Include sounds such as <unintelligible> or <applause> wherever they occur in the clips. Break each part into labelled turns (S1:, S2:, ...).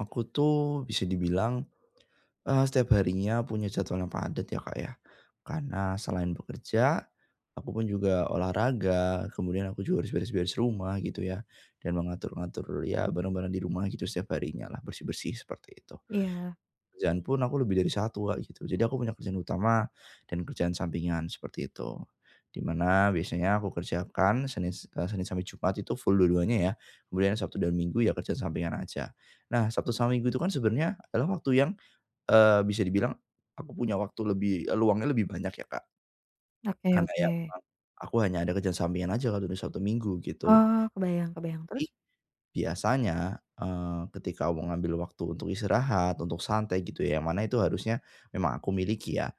S1: Aku tuh, bisa dibilang, e setiap harinya punya jadwal yang padat ya Kak, ya. Karena selain bekerja, aku pun juga olahraga, kemudian aku juga harus beres-beres rumah gitu ya, dan mengatur-ngatur ya, barang-barang di rumah gitu setiap harinya lah, bersih-bersih seperti itu.
S2: Iya.
S1: Kerjaan pun aku lebih dari 1 Kak gitu, jadi aku punya kerjaan utama dan kerjaan sampingan seperti itu. Di mana biasanya aku kerjakan Senin e Senin sampai Jumat itu full dua-duanya ya, kemudian Sabtu dan Minggu ya, kerjaan sampingan aja. Nah, Sabtu sama Minggu itu kan, sebenarnya adalah waktu yang, e bisa dibilang aku punya waktu lebih, eee, luangnya lebih banyak ya Kak.
S2: Oke
S1: Karena ya,
S2: oke.
S1: aku kan hanya ada kerjaan sampingan aja kalau udah Sabtu, Minggu gitu.
S2: Oh, kebayang kebayang,
S1: Tapi
S2: terus?
S1: biasanya, e ketika mau ngambil waktu untuk istirahat, untuk santai, gitu ya, yang mana itu harusnya memang aku miliki ya,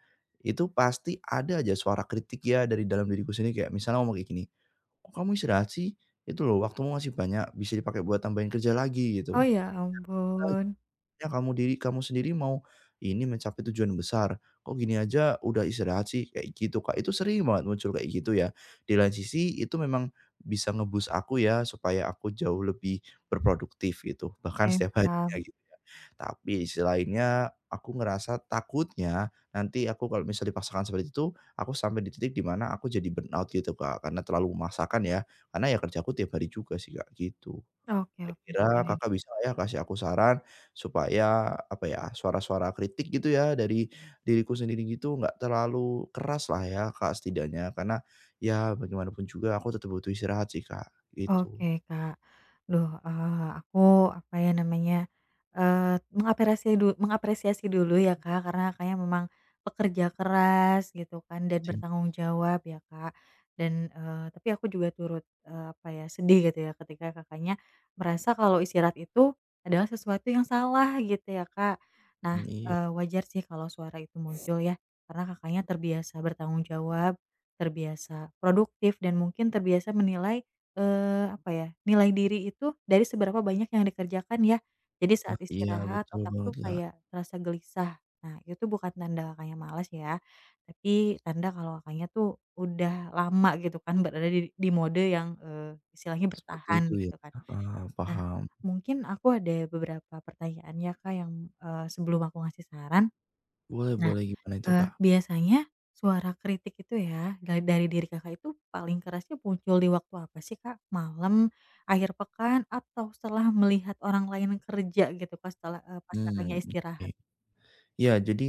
S1: itu pasti ada aja suara kritik ya, dari dalam diriku sendiri. Kayak misalnya ngomong kayak gini, "Kok kamu istirahat sih? Itu loh, waktumu masih banyak, bisa dipakai buat tambahin kerja lagi, gitu.
S2: Oh, ya
S1: <unintelligible>
S2: ampun.
S1: Ya, kamu diri kamu sendiri mau ini mencapai tujuan besar, kok gini aja udah istirahat sih?" Kayak gitu, Kak. Itu sering banget muncul, kayak gitu ya. Di lain sisi, itu memang bisa nge-boost aku ya, supaya aku jauh lebih berproduktif, gitu, bahkan
S2: Oke,
S1: setiap harinya,
S2: paham.
S1: gitu ya. Tapi di sisi lainnya, aku ngerasa takutnya, nanti aku kalau misalnya dipaksakan seperti itu, aku sampai di titik di mana aku jadi burnout, gitu Kak. Karena terlalu memaksakan ya, karena ya kerjaku tiap hari juga sih, Kak, gitu.
S2: Oke oke
S1: Kira-kira
S2: oke.
S1: Kakak bisa gak ya, kasih aku saran supaya apa ya, suara-suara kritik, gitu ya, dari diriku sendiri, gitu, enggak terlalu keraslah ya, Kak. Setidaknya karena ya, bagaimanapun juga aku tetap butuh istirahat sih, Kak, gitu.
S2: Oke, Kak. Aduh, e aku apa ya namanya, e mengapresi du mengapresiasi dulu ya Kak, karena Kakaknya memang pekerja keras gitu kan, dan bertanggung
S1: <unintelligible>
S2: jawab ya Kak. Dan, e tapi aku juga turut, e apa ya, sedih gitu ya, ketika Kakaknya merasa kalau istirahat itu adalah sesuatu yang salah gitu ya Kak. Nah,
S1: Nah,
S2: e
S1: iya.
S2: wajar sih, kalau suara itu muncul ya, karena Kakaknya terbiasa bertanggung jawab, terbiasa produktif dan mungkin terbiasa menilai, eee, apa ya, nilai diri itu dari seberapa banyak yang dikerjakan ya. Jadi
S1: Ah,
S2: saat
S1: iya
S2: istirahat
S1: betul
S2: otak tuh,
S1: banget lah.
S2: kayak terasa gelisah. Nah, itu bukan tanda Kakaknya malas ya, tapi tanda kalau Kakaknya tuh, udah lama gitu kan, berada di di mode yang, e istilahnya
S1: Seperti
S2: bertahan
S1: itu ya,
S2: gitu kan.
S1: heeh,
S2: Nah,
S1: paham.
S2: mungkin aku ada beberapa pertanyaan ya Kak, yang, e sebelum aku ngasih saran.
S1: Boleh
S2: Nah,
S1: boleh gimana itu
S2: e
S1: Kak?
S2: biasanya suara kritik itu ya, ga dari diri Kakak itu paling kerasnya muncul di waktu apa sih Kak? Malam, akhir pekan atau setelah melihat orang lain kerja gitu pas tela e pas Kakaknya
S1: Hmm oke.
S2: istirahat?
S1: Iya, jadi,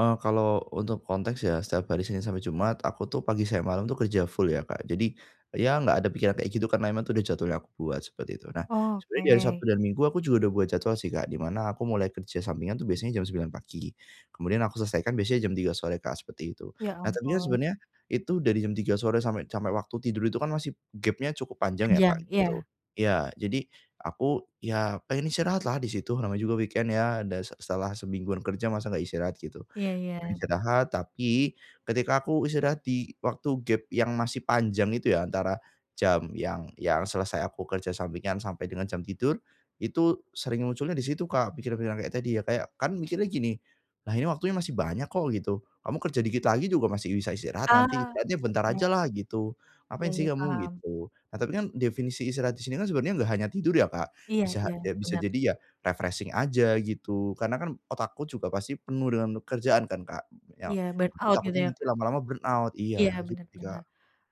S1: e kalau untuk konteks ya, setiap hari Senin sampai Jumat aku tuh, pagi siang malam tuh, kerja full ya Kak. Jadi ya, enggak ada pikiran kayak gitu karena emang itu udah jadwal yang aku buat seperti itu. Nah, sebenarnya di hari Sabtu
S2: Oke.
S1: dan Minggu aku juga udah buat jadwal sih Kak, di mana aku mulai kerja sampingan tuh, biasanya jam 09:00 pagi, kemudian aku selesaikan biasanya jam 03:00 sore Kak seperti itu.
S2: Iya,
S1: Nah, tapi kan
S2: ampun.
S1: sebenarnya itu dari jam 03:00 sore sampai sampai waktu tidur itu kan masih gapnya cukup panjang ya Kak,
S2: Panjang iya.
S1: gitu. Iya jadi, aku ya pengen istirahat lah, di situ namanya juga weekend ya, dan se setelah semingguan kerja masa enggak istirahat gitu.
S2: Iya,
S1: Nah
S2: ya.
S1: istirahat tapi ketika aku istirahat di waktu gap yang masih panjang itu ya, antara jam yang ya, selesai aku kerja sampingan sampai dengan jam tidur itu sering munculnya di situ Kak pikiran-pikiran kayak tadi ya, kayak kan mikirnya gini, "Lah ini waktunya masih banyak kok gitu, kamu kerja dikit lagi juga masih bisa istirahat nanti
S2: Ah,
S1: istirahatnya bentar
S2: mhm.
S1: ajalah gitu
S2: Iya,
S1: ngapain sih
S2: ya,
S1: kamu."
S2: paham.
S1: gitu. Nah, tapi kan definisi istirahat di sini kan, sebenarnya enggak hanya tidur ya Kak,
S2: Iya,
S1: bisa
S2: iya
S1: ya bisa
S2: bener.
S1: jadi ya refreshing aja gitu, karena kan otakku juga pasti penuh dengan pekerjaan kan Kak. Ya
S2: Iya
S1: aku
S2: burnout gitu
S1: takutnya
S2: ya,
S1: nanti
S2: Kak.
S1: lama-lama burnout
S2: Iya,
S1: iya gitu
S2: bener
S1: sih,
S2: bener.
S1: Kak.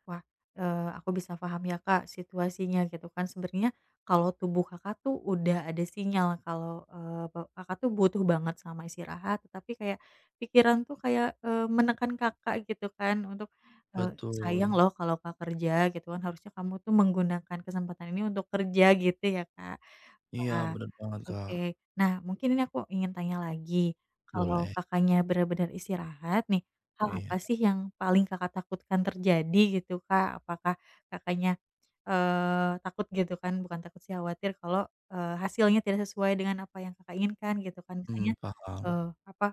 S2: Wah, e aku bisa paham ya, Kak, situasinya. Gitu kan sebenarnya kalau tubuh Kakak tuh, udah ada sinyal kalau, e pe Kakak tuh, butuh banget sama istirahat. Tapi kayak pikiran tuh, kayak, e menekan Kakak, gitu kan, untuk, e "Sayang
S1: Betul.
S2: loh, kalau enggak kerja, gitu kan. Harusnya kamu tuh, menggunakan kesempatan ini untuk kerja," gitu ya, Kak.
S1: Iya,
S2: Wah,
S1: bener banget Kak.
S2: oke. Nah, mungkin ini aku ingin tanya lagi, kalau
S1: Boleh.
S2: Kakaknya bener-bener istirahat nih, hal apa
S1: Iya.
S2: sih, yang paling Kakak takutkan terjadi, gitu Kak? Apakah Kakaknya, eee, takut, gitu kan. Bukan takut sih, khawatir kalau, e hasilnya tidak sesuai dengan apa yang Kakak inginkan, gitu kan. Misalnya,
S1: Hmm,
S2: e
S1: paham.
S2: apa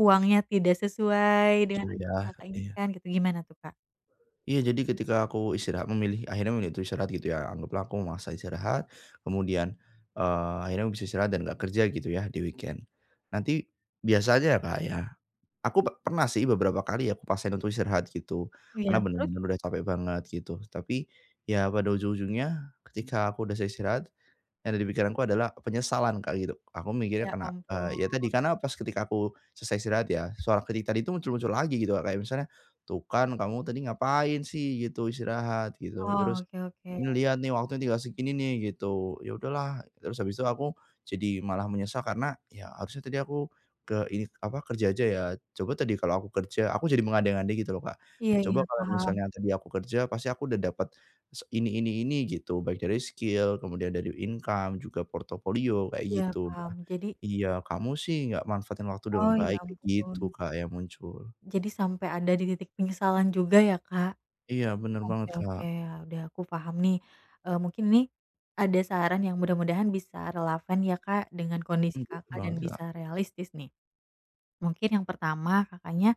S2: uangnya tidak sesuai dengan
S1: Sesuai
S2: yang
S1: ya,
S2: Kakak
S1: iya.
S2: inginkan, gitu. Gimana tuh, Kak?
S1: Iya jadi ketika aku istirahat memilih, akhirnya memilih untuk istirahat gitu ya anggaplah aku memaksa istirahat, kemudian, eee, akhirnya bisa istirahat dan gak kerja gitu ya di-weekend, nanti, biasanya ya Kak, ya, aku pernah sih beberapa kali ya aku paksain untuk istirahat gitu,
S2: Iya,
S1: karena
S2: terus?
S1: benar-benar udah capek banget gitu tapi, ya pada ujung-ujungnya ketika aku udah selesai istirahat, yang ada di pikiranku adalah penyesalan Kak, gitu aku mikirnya
S2: Ya
S1: karena,
S2: ampun.
S1: eee, ya tadi karena pas ketika aku selesai istirahat ya, suara kritik tadi itu muncul-muncul lagi gitu Kak, kayak misalnya, "Tuh kan kamu tadi ngapain sih gitu istirahat gitu,
S2: Oh,
S1: terus
S2: oke oke.
S1: ini lihat nih waktunya tinggal segini nih," gitu ya udahlah terus habis itu aku, jadi malah menyesal karena ya harusnya tadi aku, ke ini apa kerja aja ya coba tadi kalau aku kerja aku jadi mengandai-andai gitu loh Kak,
S2: Iya
S1: coba
S2: iya
S1: kalau
S2: paham.
S1: misalnya tadi aku kerja pasti aku udah dapat, se ini ini ini gitu baik dari skill kemudian dari income juga portofolio kayak
S2: Iya
S1: gitu,
S2: paham, jadi
S1: iya kamu sih gak manfaatin waktu dengan
S2: Oh ya
S1: baik gitu
S2: ampun.
S1: Kak, yang muncul.
S2: Jadi sampai ada di titik penyesalan juga ya Kak,
S1: Iya bener
S2: oke
S1: banget Kak.
S2: oke udah aku paham nih, eee, mungkin nih, ada saran yang mudah-mudahan bisa relevan ya Kak, dengan kondisi
S1: Mmm,
S2: Kakak,
S1: gimana
S2: dan
S1: Kak?
S2: bisa realistis nih, mungkin yang pertama Kakaknya,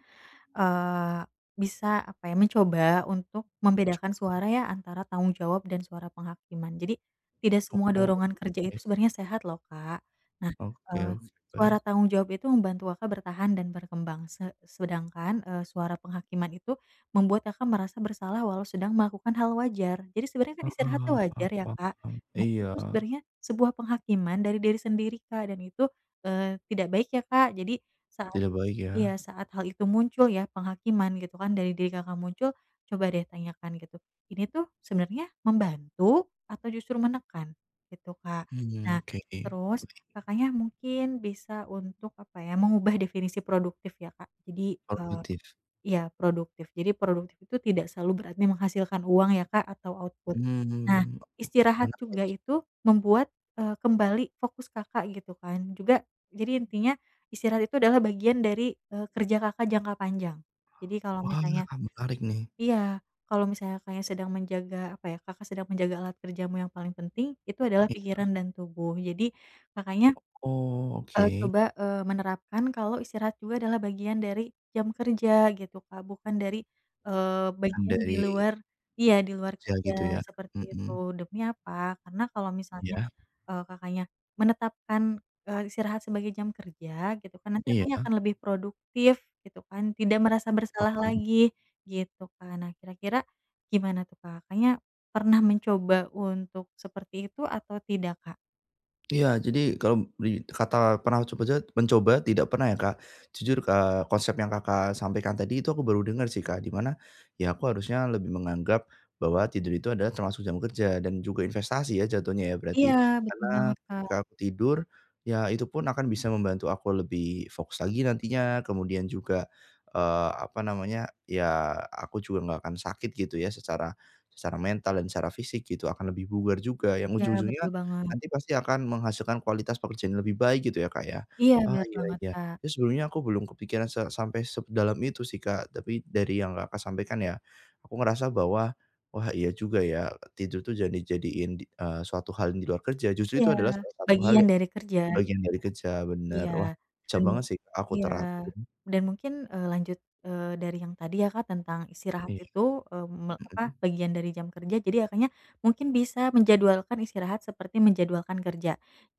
S2: eee, bisa apa ya mencoba untuk membedakan
S1: <unintelligible>
S2: suara ya antara tanggung jawab dan suara penghakiman jadi, tidak
S1: Oh
S2: semua
S1: oke.
S2: dorongan kerja itu sebenarnya sehat loh Kak, nah,
S1: Oke
S2: eee,
S1: oke, baik.
S2: suara tanggung jawab itu membantu Kakak, bertahan dan berkembang se sedangkan, eee, suara penghakiman itu membuat Kakak, merasa bersalah walau sedang melakukan hal wajar jadi sebenarnya kan
S1: Ah
S2: istirahat itu
S1: hah, ah
S2: wajar ya Kak,
S1: paham,
S2: nah itu tuh
S1: iya.
S2: sebenarnya sebuah penghakiman dari diri sendiri Kak, dan itu, eee, tidak baik ya Kak, jadi saat
S1: Tidak baik
S2: iya
S1: ya?
S2: saat hal itu muncul ya penghakiman gitu kan dari diri Kakak, muncul, coba deh tanyakan gitu ini tuh sebenarnya membantu atau justru menekan gitu Kak,
S1: Mmm,
S2: nah
S1: oke oke.
S2: terus Kakaknya, mungkin bisa untuk apa ya mengubah definisi produktif ya Kak, jadi eee,
S1: Produktif.
S2: iya produktif, jadi produktif itu tidak selalu berarti menghasilkan uang ya Kak, atau output, nah
S1: Mmm,
S2: istirahat
S1: menarik
S2: juga
S1: sih.
S2: itu membuat, eee, kembali fokus Kakak, gitu kan juga jadi intinya istirahat itu adalah bagian dari, eee, kerja Kakak, jangka panjang, jadi kalau
S1: Wah,
S2: misalnya,
S1: hal menarik nih.
S2: iya kalau misalnya Kakaknya, sedang menjaga apa ya Kakak, sedang menjaga alat kerjamu yang paling penting itu adalah
S1: Iya.
S2: pikiran dan tubuh jadi, Kakaknya,
S1: Oh oke.
S2: eee, coba, eee, menerapkan kalau istirahat juga adalah bagian dari jam kerja gitu Kak, bukan dari, eee,
S1: Yang
S2: bagian di
S1: dari
S2: luar iya di luar
S1: kerja,
S2: kerja
S1: gitu ya?
S2: seperti itu,
S1: Mhm.
S2: demi apa karena kalau misalnya,
S1: Iya.
S2: eee, Kakaknya, menetapkan, eee, istirahat sebagai jam kerja gitu kan nanti
S1: Iya.
S2: Kakaknya, akan lebih produktif gitu kan tidak merasa bersalah
S1: Paham.
S2: lagi, gitu Kak, nah kira-kira, gimana tuh Kak, Kakaknya, pernah mencoba untuk seperti itu atau tidak, Kak?
S1: Iya, jadi, kalau di kata pernah coba-coba mencoba tidak pernah, ya, Kak. Jujur k eee, konsep yang Kakak sampaikan tadi itu aku baru dengar, sih, Kak, di mana, ya, aku harusnya lebih menganggap bahwa tidur itu adalah termasuk jam kerja, dan juga investasi, ya, jatuhnya, ya,
S2: Iya,
S1: berarti.
S2: betul
S1: Karena,
S2: banget, Kak.
S1: ketika aku tidur, ya, itu pun akan bisa membantu aku lebih fokus lagi nantinya. Kemudian juga, eee, apa namanya, ya, aku juga enggak akan sakit, gitu, ya, secara secara mental dan secara fisik, gitu, akan lebih bugar juga. Yang
S2: Iya, betul
S1: ujung-ujungnya
S2: banget.
S1: nanti, pasti akan menghasilkan kualitas pekerjaan yang lebih baik, gitu, ya, Kak, ya.
S2: Iya,
S1: Ah,
S2: benar
S1: iya
S2: banget,
S1: iya.
S2: Kak.
S1: Terus, sebelumnya, aku belum kepikiran se sampai sedalam itu, sih, Kak, tapi dari yang Kakak sampaikan, ya, aku ngerasa bahwa, wah, iya juga, ya, tidur itu jangan dijadiin, eee, suatu hal di luar kerja, justru
S2: Iya,
S1: itu adalah salah satu hal
S2: bagian
S1: yang
S2: dari kerja.
S1: bagian dari kerja, benar.
S2: Iya,
S1: Wah, bisa
S2: dan mu
S1: banget, sih, aku
S2: iya,
S1: terapin.
S2: dan mungkin, eee, lanjut, eee, dari yang tadi, ya Kak, tentang istirahat
S1: Iya.
S2: itu, eee, me apa
S1: Hmm.
S2: bagian dari jam kerja. Jadi, Kakaknya mungkin bisa menjadwalkan istirahat, seperti menjadwalkan kerja.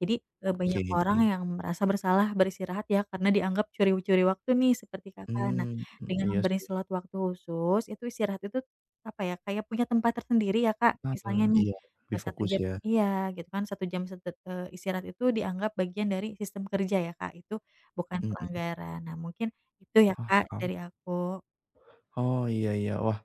S2: Jadi, eee, banyak
S1: Oke,
S2: orang
S1: deh.
S2: yang merasa bersalah beristirahat, ya, karena dianggap curi-curi waktu, nih, seperti Kakak. Nah,
S1: Hmm,
S2: dengan
S1: iya,
S2: memberi
S1: sih.
S2: slot waktu khusus, itu istirahat itu, apa ya Kak ya, punya tempat tersendiri, ya, Kak. Misalnya,
S1: Hmm,
S2: nih,
S1: iya,
S2: e
S1: lebih
S2: satu
S1: fokus
S2: jam
S1: ,ya.
S2: Iya, gitu, kan, satu jam se eee, istirahat itu dianggap bagian dari sistem kerja, ya, Kak. Itu bukan
S1: Mhm.
S2: pelanggaran. Nah, mungkin itu, ya, Kak,
S1: Paham.
S2: dari aku.
S1: Oh, iya iya. Wah,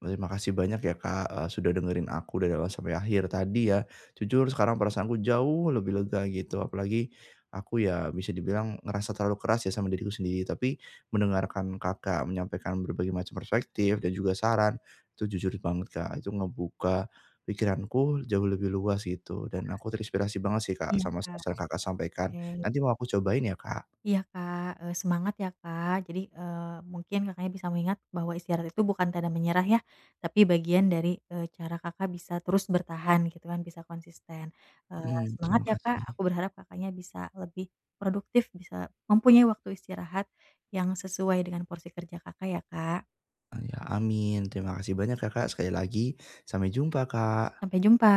S1: terima kasih banyak, ya, Kak, eee, sudah dengerin aku dari awal sampai akhir tadi, ya. Jujur, sekarang perasaanku jauh lebih lega, gitu. Apalagi aku, ya, bisa dibilang ngerasa terlalu keras, ya, sama diriku sendiri. Tapi, mendengarkan Kakak menyampaikan berbagai macam perspektif dan juga saran, itu, jujur banget, Kak, itu ngebuka pikiranku jauh lebih luas, gitu, dan aku terinspirasi banget, sih, Kak
S2: Iya,
S1: sama
S2: Kak.
S1: saran yang Kakak sampaikan.
S2: Oke.
S1: Nanti, mau aku cobain, ya, Kak.
S2: Iya, Kak, eee, semangat, ya, Kak. Jadi, eee, mungkin Kakaknya bisa mengingat bahwa istirahat itu bukan tanda menyerah, ya, tapi bagian dari, eee, cara Kakak bisa terus bertahan, gitu, kan, bisa konsisten. Eee,
S1: Hmm,
S2: semangat,
S1: terima
S2: ya, Kak.
S1: kasih.
S2: Aku berharap Kakaknya bisa lebih produktif, bisa mempunyai waktu istirahat yang sesuai dengan porsi kerja Kakak, ya, Kak.
S1: Oh, iya, amin. Terima kasih banyak, ya, Kak, sekali lagi. Sampai jumpa, Kak.
S2: Sampai jumpa.